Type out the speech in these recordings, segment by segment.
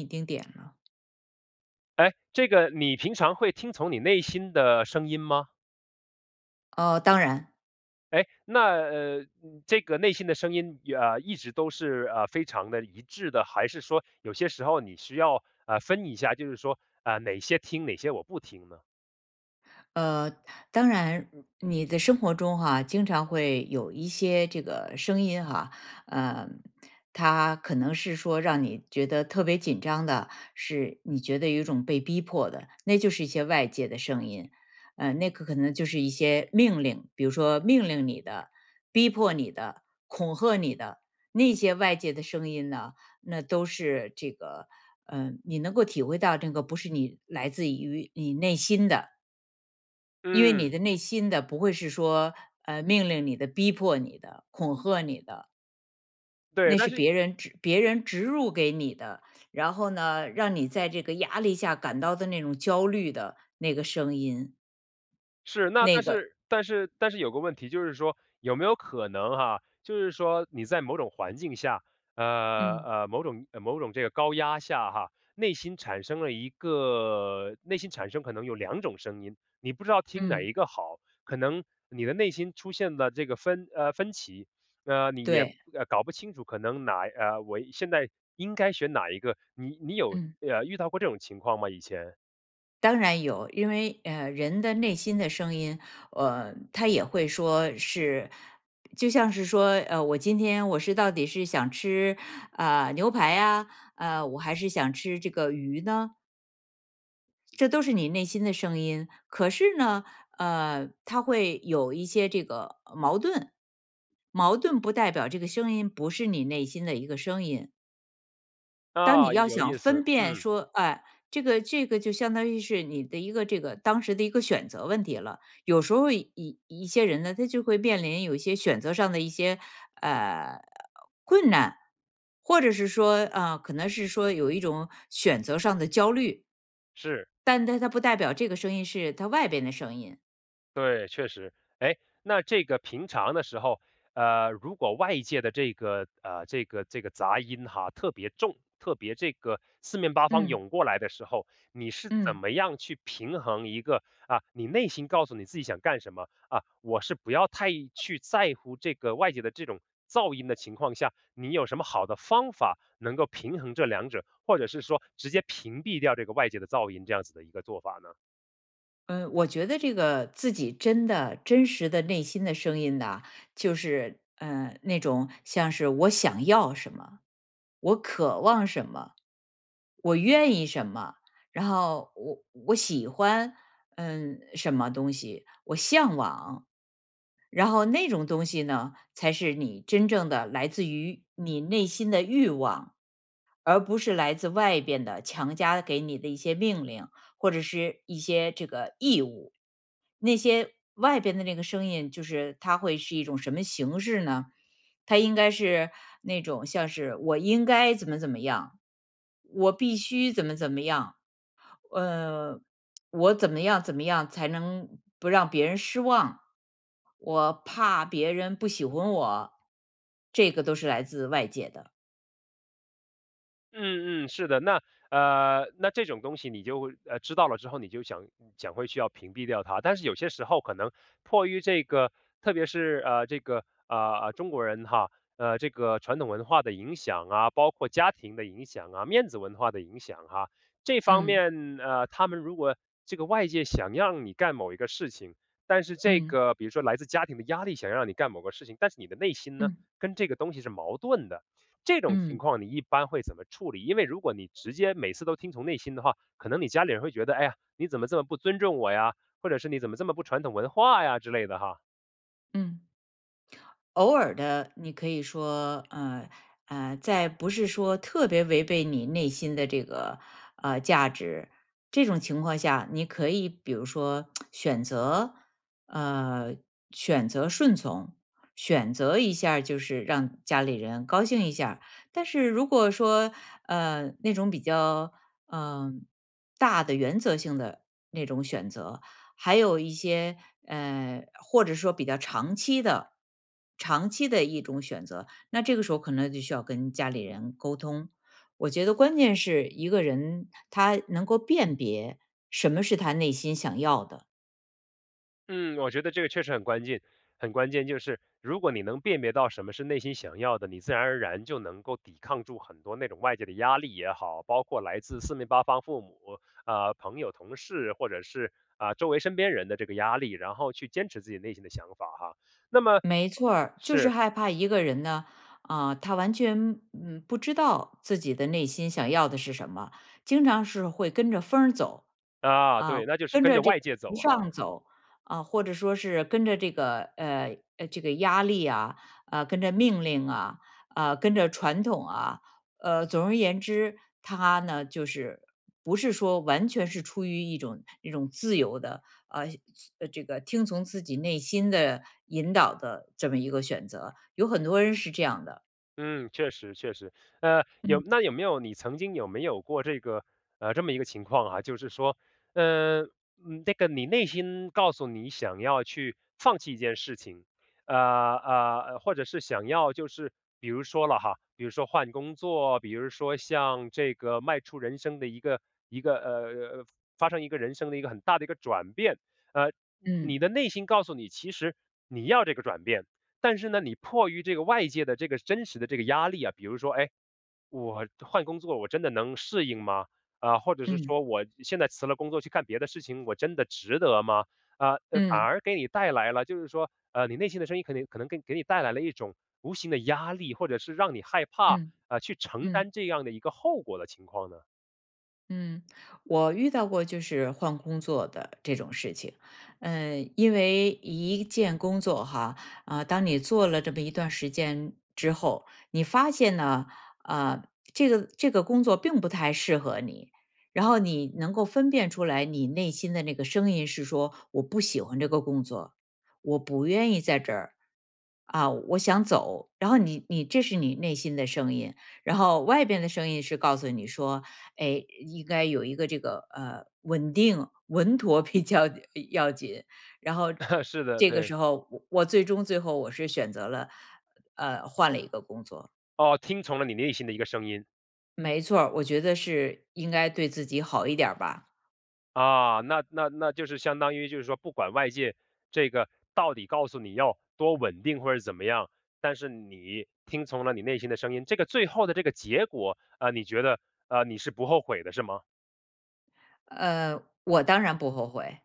一丁点了。哎，这个你平常会听从你内心的声音吗？哦，当然。哎，那，呃，这个内心的声音，呃，一直都是，呃，非常得一致的？还是说有些时候你需要，呃，分一下就是说，呃，哪些听哪些我不听呢？呃，当然，你的生活中哈，经常会有一些这个声音哈。呃，它可能是说让你觉得特别紧张的，是你觉得有一种被逼迫的，那就是一些外界的声音。呃，那个可能就是一些命令，比如说命令你的，逼迫你的，恐吓你的。那些外界的声音呢，那都是这个，呃，你能够体会到这个不是你来自于你内心的。因为你嗯。的内心的不会是说，呃，命令你的，逼迫你的，恐吓你的。对，那但是是别人植别人植入给你的，然后呢，让你在这个压力下感到的那种焦虑的那个声音。是，那那但个是但是但是有个问题就是说有没有可能哈，就是说你在某种环境下，呃，嗯。呃，某种某种这个高压下哈，内心产生了一个内心产生可能有2种声音，你不知道听哪嗯。一个好。可能你的内心出现了这个分呃，分歧，呃，你也对。搞不清楚可能哪呃，我现在应该选哪一个。你你有，嗯。呃，遇到过这种情况吗以前？当然有，因为，呃，人的内心的声音，呃，它也会说是就像是说，呃，我今天我是到底是想吃，呃，牛排啊？呃，我还是想吃这个鱼呢？这都是你内心的声音，可是呢，呃，它会有一些这个，呃，矛盾。矛盾不代表这个声音不是你内心的一个声音。当你啊，要有想意思。分辨嗯。说，哎，这个这个就相当于是你的一个这个当时的一个选择问题了。有时候一一一些人呢，他就会面临有一些选择上的一些，呃，困难，或者是说，呃，可能是说有一种选择上的焦虑。是。但但它不代表这个声音是它外边的声音。对，确实。诶，那这个平常的时候，呃，如果外界的这个呃，这个这个杂音哈特别重，特别这个四面八方嗯。涌过来的时候，你是怎嗯。么样去平衡一个，啊，你内心告诉你自己想干什么，啊，我是不要太去在乎这个外界的这种噪音的情况下，你有什么好的方法能够平衡这2者？或者是说直接屏蔽掉这个外界的噪音这样子的一个做法呢？嗯，我觉得这个自己真的真实的内心的声音呐，就是，呃，那种像是我想要什么、我渴望什么、我愿意什么，然后我我喜欢，嗯，什么东西，我向往。然后那种东西呢，才是你真正的来自于你内心的欲望，而不是来自外边的强加给你的一些命令，或者是一些这个义务。那些外边的那个声音就是它会是一种什么形式呢？它应该是那种像是，我应该怎么怎么样，我必须怎么怎么样，呃，我怎么样怎么样才能不让别人失望，我怕别人不喜欢我，这个都是来自外界的。嗯嗯，是的。那，呃，那这种东西你就，呃，知道了之后，你就想想会去要屏蔽掉它。但是有些时候可能迫于这个特别是，呃，这个，呃，呃，中国人哈，呃，这个传统文化的影响啊，包括家庭的影响啊，面子文化的影响啊。这方嗯。面，呃，他们如果这个外界想让你干某一个事情，但是这嗯。个比如说来自家庭的压力想让你干某个事情，但是你的内心呢，嗯。跟这个东西是矛盾的。这种情嗯。况你一般会怎么处理？因为如果你直接每次都听从内心的话，可能你家里人会觉得：“哎呀，你怎么这么不尊重我呀？”或者是“你怎么这么不传统文化呀？”之类的哈。嗯。偶尔地，你可以说，呃，呃，在不是说特别违背你内心的这个，呃，价值，这种情况下，你可以比如说 选择呃，选择顺从。选择一下就是让家里人高兴一下。但是如果说，呃，那种比较，呃，大的原则性的那种选择，还有一些，呃，或者说比较长期的，长期的一种选择，那这个时候可能就需要跟家里人沟通。我觉得关键是一个人，他能够辨别什么是他内心想要的。嗯，我觉得这个确实很关键很关键，就是如果你能辨别到什么是内心想要的，你自然而然就能够抵抗住很多那种外界的压力也好，包括来自四面八方父母，呃，朋友、同事或者是，啊周围身边人的这个压力，然后去坚持自己内心的想法哈。那么没错儿，就是是。害怕一个人呢，啊，他完全，嗯，不知道自己的内心想要的是什么，经常是会跟着风儿走。啊，啊，对，那就是跟跟着着这个外界走 [unintelligible] 哈。上走。啊，或者说是跟着这个，呃，这个压力啊，呃，跟着命令啊，啊，跟着传统啊。呃，总而言之，他呢就是不是说完全是出于一种一种自由的，呃，这个听从自己内心的引导的这么一个选择，有很多人是这样的。嗯，确实确实。呃，有嗯。那有没有你曾经有没有过这个呃，这么一个情况啊，就是说，呃，那个你内心告诉你想要去放弃一件事情，呃，呃，或者是想要就是比如说了哈，比如说换工作，比如说像这个迈出人生的一个一个，呃，发生一个人生的一个很大的一个转变。呃，你嗯。的内心告诉你，其实你要这个转变。但是呢，你迫于这个外界的这个真实的这个压力啊，比如说，哎，我换工作我真的能适应吗？啊，或者是嗯。说我现在辞了工作去干别的事情，我真的值得吗？呃，反嗯。而给你带来了，就是说，呃，你内心的声音可能可能给给你带来了一种无形的压力，或者是让你害怕，嗯，呃，去承担嗯。这样的一个后果的情况呢？嗯，我遇到过就是换工作的这种事情。呃，因为一件工作哈，啊，当你做了这么一段时间之后，你发现呢，呃，这个这个工作并不太适合你。然后你能够分辨出来你内心的那个声音是说：“我不喜欢这个工作，我不愿意在这儿。啊，我想走。“然后你你这是你内心的声音。然后外边的声音是告诉你说：“哎，应该有一个这个，呃，稳定稳妥比较要紧。“然后 是的，这个对。时候我我最终最后我是选择了，呃，换了一个工作。哦，听从了你内心的一个声音。没错儿，我觉得是应该对自己好一点儿吧。啊，那那那就是相当于就是说不管外界这个到底告诉你要多稳定或者怎么样，但是你听从了你内心的声音，这个最后的这个结果，呃，你觉得，呃，你是不后悔的是吗？呃，我当然不后悔。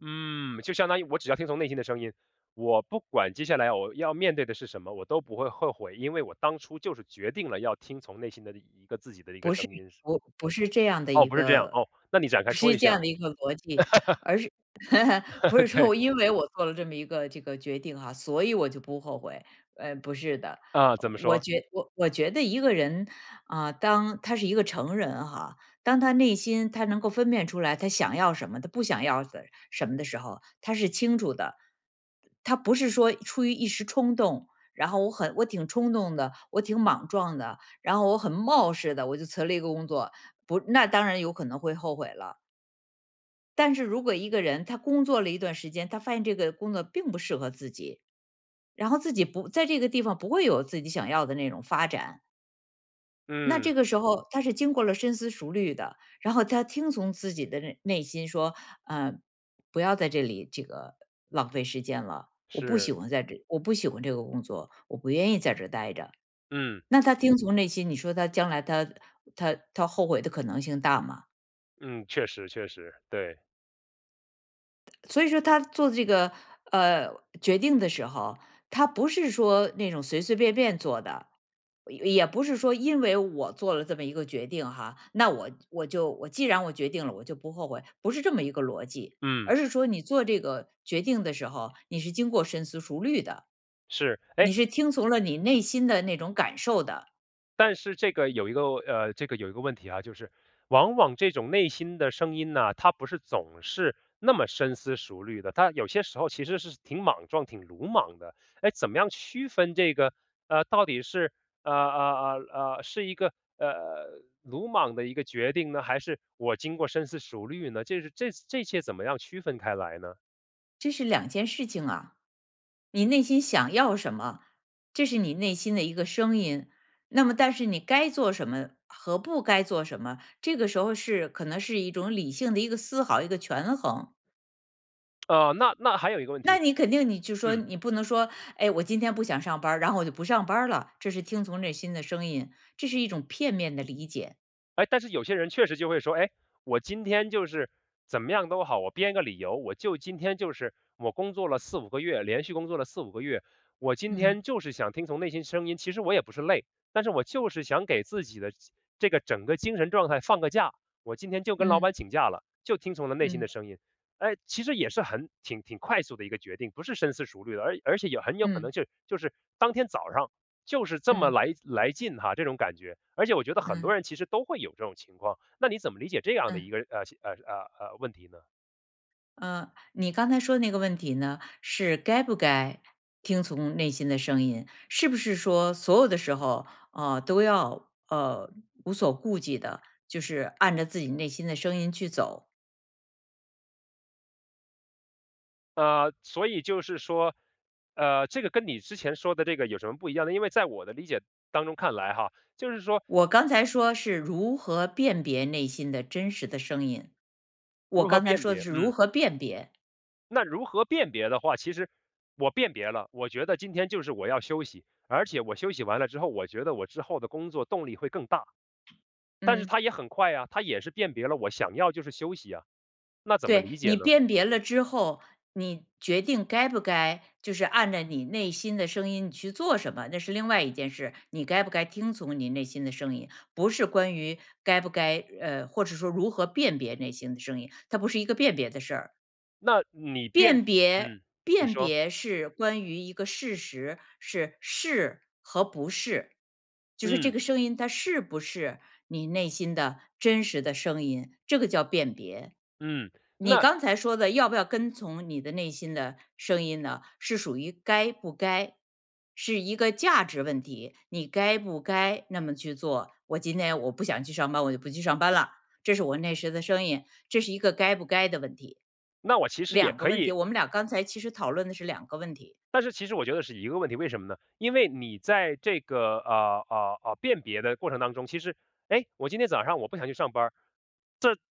嗯，就相当于我只要听从内心的声音，我不管接下来我要面对的是什么，我都不会后悔。因为我当初就是决定了要听从内心的一个自己的一个不是，声音是吗？我不是这样的哦，一不是这样。个哦，那你展开不说是一这下。样的一个逻辑，而是 不是说对。我因为我做了这么一个这个决定哈，所以我就不后悔，呃，不是的。啊，怎么我说？觉我我觉得一个人，啊，当他是一个成人哈，当他内心他能够分辨出来他想要什么，他不想要的什么的时候，他是清楚的。他不是说出于一时冲动，然后我很我挺冲动的，我挺莽撞的，然后我很冒失地我就辞了一个工作，不那当然有可能会后悔了。但是如果一个人，他工作了一段时间，他发现这个工作并不适合自己，然后自己不在这个地方不会有自己想要的那种发展。那嗯。这个时候他是经过了深思熟虑的，然后他听从自己的内内心说，呃，不要在这里这个浪费时间了，我不喜是。欢在这我不喜欢这个工作，我不愿意在这儿待着。嗯。那他听从内心，你说他将来他他他后悔的可能性大吗？嗯，确实确实，对。所以说他做这个，呃，决定的时候，他不是说那种随随便便做的，也也不是说因为我做了这么一个决定哈，那我我就我既然我决定了，我就不后悔。不是这么一个逻辑。嗯。而是说你做这个决定的时候，你是经过深思熟虑的，是，诶你是听从了你内心的那种感受的。但是这个有一个呃，这个有一个问题哈，就是往往这种内心的声音呢，它不是总是那么深思熟虑的。它有些时候其实是挺莽撞、挺鲁莽的。诶，怎么样区分这个，呃，到底是，呃呃呃呃，是一个，呃，鲁莽的一个决定呢，还是我经过深思熟虑呢？这是这这些怎么样区分开来呢？这是2件事情啊。你内心想要什么，这是你内心的一个声音，那么但是你该做什么和不该做什么，这个时候是可能是一种理性的一个思考，一个权衡。呃，那那还有一个问那题你肯定你就说嗯。你不能说，哎，我今天不想上班儿，然后我就不上班儿了，这是听从内心的声音，这是一种片面的理解。哎，但是有些人确实就会说，哎，我今天就是，怎么样都好，我编个理由，我就今天就是我工作了4、5个月，连续工作了4、5个月，我今嗯。天就是想听从内心声音。其实我也不是累，但是我就是想给自己的这个整个精神状态放个假，我今天就跟老嗯。板请假了，就听从了内心嗯。的声音。哎，其实也是很挺挺快速的一个决定，不是深思熟虑的，而而且也很有可能嗯。就就是当天早上就是这么嗯。来来劲哈，这种感觉，而且我觉得很多嗯。人其实都会有这种情况，那你怎么理解这样的一嗯。个，呃呃呃呃，问题呢？呃，你刚才说的那个问题呢，是该不该听从内心的声音，是不是说所有的时候，呃，都要，呃，无所顾忌地，就是按着自己内心的声音去走。呃，所以就是说，呃，这个跟你之前说的这个有什么不一样呢？因为在我的理解当中看来哈，就是说我刚才说是如何辨别内心的真实的声音，我如何刚才辨说的别，是嗯。如何辨别。那如何辨别的话其实我辨别了，我觉得今天就是我要休息，而且我休息完了之后，我觉得我之后的工作动力会更大。但是嗯。它也很快呀，它也是辨别了我想要就是休息呀。那怎么对，理解你呢？辨别了之后，你决定该不该就是按着你内心的声音你去做什么，那是另外一件事，你该不该听从你内心的声音，不是关于该不该呃，或是说如何辨别内心的声音，它不是一个辨别的事儿。那你辨辨别嗯，你辨说。别是关于一个事实，是是和不是。就是这嗯。个声音它是不是你内心的真实的声音，这个叫辨别。嗯，你那刚才说的要不要跟从你的内心的声音呢，是属于该不该，是一个价值问题，你该不该那么去做，我今天我不想去上班，我就不去上班啦，这是我那时的声音，这是一个该不该的问题。那我其实也2个可问题，以我们俩刚才其实讨论的是2个问题。但是其实我觉得是一个问题，为什么呢？因为你在这个，啊，啊，啊，辨别的过程当中，其实诶，我今天早上我不想去上班儿。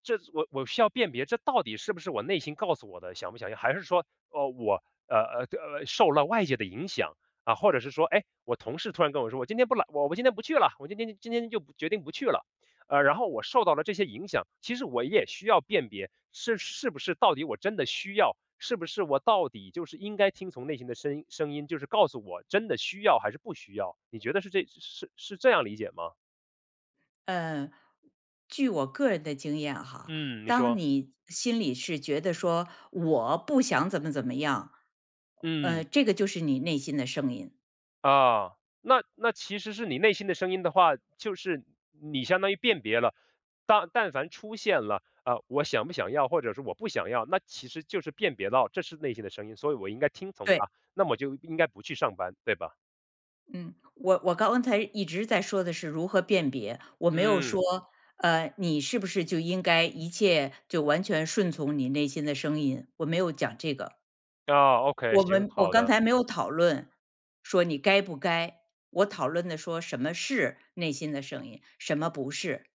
这这我我需要辨别这到底是不是我内心告诉我的，想不想要还是说，呃，我，呃，呃，呃，受了外界的影响，啊，或者是说，诶，我同事突然跟我说我：“今天不来我我今天不去了，我今天今天就决定不去了。”呃，然后我受到了这些影响。其实我也需要辨别，是是不是到底我真的需要，是不是我到底就是应该听从内心的声音声音，就是告诉我真的需要还是不需要。你觉得是这是是这样理解吗？嗯据我个人的经验哈，嗯，你当说。你心里是觉得说我不想怎么怎么样嗯。嗯，这个就是你内心的声音。啊，那那其实是你内心的声音的话，就是你相当于辨别了，但但凡出现了。呃，我想不想要或者是我不想要，那其实就是辨别到这是内心的声音，所以我应该听从对。它，那么就应该不去上班，对吧？嗯，我我刚才一直在说的是如何辨别，我没有嗯。说呃，e 你是不是就应该一切就完全顺从你内心的声音，我没有讲这个。哦，OKAY，我行，们我好刚的。才没有讨论，说你该不该，我讨论的说什么是内心的声音？什么不是。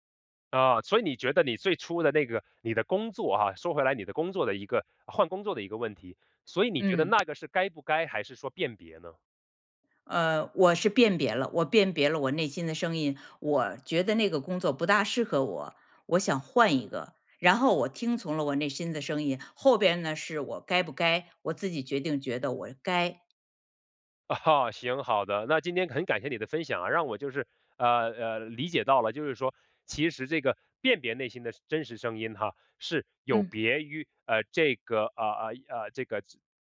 啊，所以你觉得你最初的那个你的工作啊，说回来你的工作的一个换工作的一个问题，所以你觉得嗯。那个是该不该还是说辨别呢？嗯，我是辨别了，我辨别了我内心的声音。我觉得那个工作不大适合我，我想换一个，然后我听从了我内心的声音，后边呢是我该不该？我自己决定觉得我该。啊哈，行，好的那今天很感谢你的分享啊，让我就是呃呃理解到了就是说其实这个，辨别内心的真实声音哈，是有嗯。别于呃这个呃呃呃这个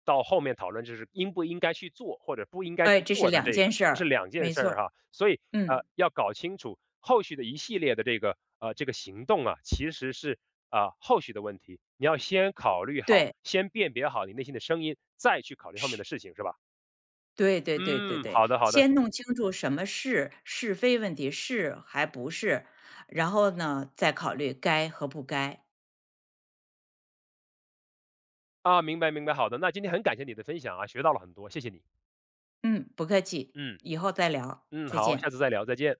到后面讨论，就是应不应该去做，或者不应该对，去这是做的2这件个事这是儿。2件没事错儿儿，哈。所以嗯。呃要搞清楚，后续的一系列的这个呃这个行动啊，其实是，呃，后续的问题，你要先考虑好，对。先辨别好你内心的声音，再去考虑后面的是。事情是吧？对对对对嗯，对，好的好的。先弄清楚什么是？是非问题，是还不是？然后呢，再考虑该和不该。哦明白明白，好的，那今天很感谢你的分享啊，学到了很多，谢谢你。嗯，不客气，嗯。以后再聊，嗯，再好。下见。次再聊，再见。